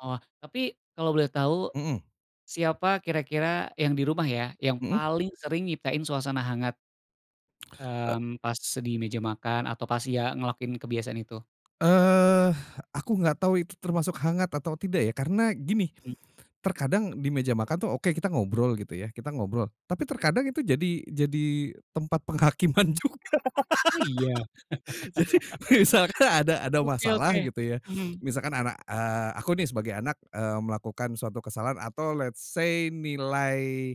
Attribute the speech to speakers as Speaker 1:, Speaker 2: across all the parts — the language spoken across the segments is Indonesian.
Speaker 1: Oh. Tapi kalo boleh tahu,
Speaker 2: Mmm.
Speaker 1: siapa kira-kira yang di rumah ya, yang
Speaker 2: Hmm.
Speaker 1: paling sering nyiptain suasana hangat?
Speaker 2: Eee
Speaker 1: Mmm, pas di meja makan atau pas ya ngelakuin kebiasaan itu?
Speaker 2: Eh, aku nggak tahu itu termasuk hangat atau tidak ya karena gini,
Speaker 1: Mmm.
Speaker 2: terkadang di meja makan tuh oke kita ngobrol gitu ya, kita ngobrol, tapi terkadang itu jadi jadi tempat penghakiman juga.
Speaker 1: Oh iya?
Speaker 2: Jadi misalkan ada ada
Speaker 1: Oke
Speaker 2: masalah
Speaker 1: oke.
Speaker 2: gitu ya,
Speaker 1: Mhm.
Speaker 2: misalkan anak, eee, aku nih sebagai anak, eee, melakukan suatu kesalahan atau let say nilai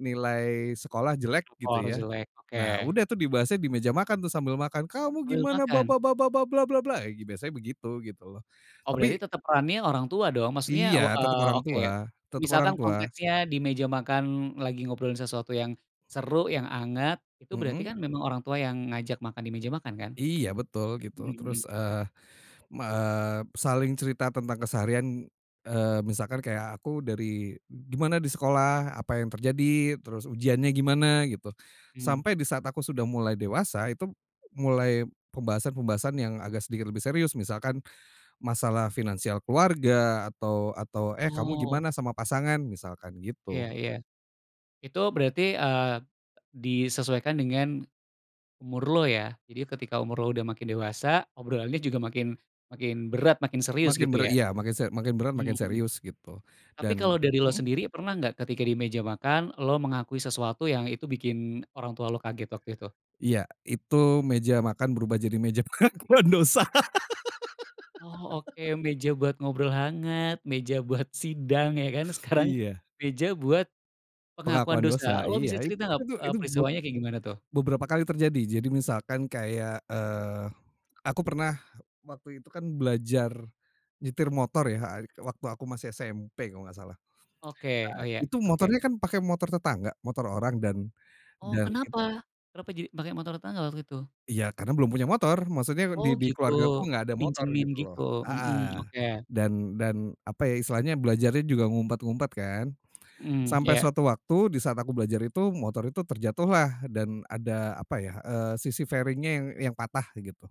Speaker 2: nilai sekolah jelek gitu
Speaker 1: Rapor
Speaker 2: ya.
Speaker 1: jelek,
Speaker 2: Nah
Speaker 1: oke.
Speaker 2: udah tuh dibahasnya di meja makan tuh sambil makan, "Kamu
Speaker 1: Sambil
Speaker 2: gimana ba
Speaker 1: makan.
Speaker 2: ba ba ba ba bla bla bla!" biasanya begitu, gitu loh,
Speaker 1: Oh berarti
Speaker 2: tapi
Speaker 1: tetep perannya orang tua dong? Maksudnya
Speaker 2: Iya
Speaker 1: u
Speaker 2: tetep
Speaker 1: eee,
Speaker 2: orang
Speaker 1: oke,
Speaker 2: tua tetep orang
Speaker 1: misalkan
Speaker 2: tua.
Speaker 1: konteksnya di meja makan lagi ngobrolin sesuatu yang seru, yang anget, itu berarti
Speaker 2: Hmm.
Speaker 1: kan memang orang tua yang ngajak makan di meja makan kan?
Speaker 2: Iya betul gitu
Speaker 1: Hmm hmm.
Speaker 2: terus, eee eee, saling cerita tentang keseharian, eee, misalkan kayak aku dari "Gimana di sekolah? Apa yang terjadi?" terus, "Uujiannya gimana?" gitu,
Speaker 1: Mmm.
Speaker 2: sampai di saat aku sudah mulai dewasa, itu mulai pembahasan-pembahasan yang agak sedikit lebih serius, misalkan masalah finansial keluarga atau atau, "Eh kamu
Speaker 1: Wow.
Speaker 2: gimana sama pasangan?" misalkan
Speaker 1: Iya
Speaker 2: gitu.
Speaker 1: iya. Itu berarti, eee, disesuaikan dengan disesuaikan dengan umur lo ya? Jadi ketika umur lo udah makin dewasa, obrolannya juga makin makin berat makin serius
Speaker 2: Makin
Speaker 1: gitu
Speaker 2: berat,
Speaker 1: ya?
Speaker 2: iya. Makin se makin berat makin
Speaker 1: Hmm.
Speaker 2: serius gitu
Speaker 1: Tapi
Speaker 2: dan
Speaker 1: kalau dari lo
Speaker 2: hmm?
Speaker 1: sendiri pernah nggak ketika di meja makan, lo mengakui sesuatu yang itu bikin orang tua lo kaget waktu itu?
Speaker 2: Iya, itu meja makan berubah jadi meja pengakuan dosa.
Speaker 1: Oh oke. Meja buat ngobrol hangat, meja buat sidang ya kan, sekarang,
Speaker 2: Iya.
Speaker 1: meja buat pengakuan
Speaker 2: Pengakuan
Speaker 1: dosa.
Speaker 2: dosa,
Speaker 1: Lo
Speaker 2: iya.
Speaker 1: bisa cerita
Speaker 2: Itu
Speaker 1: nggak,
Speaker 2: tuh,
Speaker 1: eee,
Speaker 2: itu be
Speaker 1: peristiwanya kayak gimana tuh?
Speaker 2: beberapa kali terjadi. Jadi misalkan kayak, eee, aku pernah waktu itu kan belajar nyetir motor ya, waktu aku masih SMP kalo nggak salah.
Speaker 1: Oke,
Speaker 2: Nah
Speaker 1: oh iya.
Speaker 2: itu
Speaker 1: Oke.
Speaker 2: motornya kan pakai motor tetangga, motor orang dan,
Speaker 1: Oh
Speaker 2: dalin
Speaker 1: kenapa? Kenapa jadi, pake motor tetangga waktu itu?
Speaker 2: Iya karena belum punya motor, maksudnya
Speaker 1: Oh
Speaker 2: di di
Speaker 1: gitu,
Speaker 2: keluarga aku nggak ada motor
Speaker 1: dipinjemin
Speaker 2: gitu loh,
Speaker 1: gitu? Hmm,
Speaker 2: heeh,
Speaker 1: oke.
Speaker 2: dan dan apa ya, istilahnya belajarnya juga ngumpet-ngumpet kan.
Speaker 1: Hmm,
Speaker 2: Sampai
Speaker 1: iya.
Speaker 2: suatu waktu di saat aku belajar itu, motor itu terjatuhlah dan ada apa ya, eee, sisi fairing-nya yang yang patah gitu.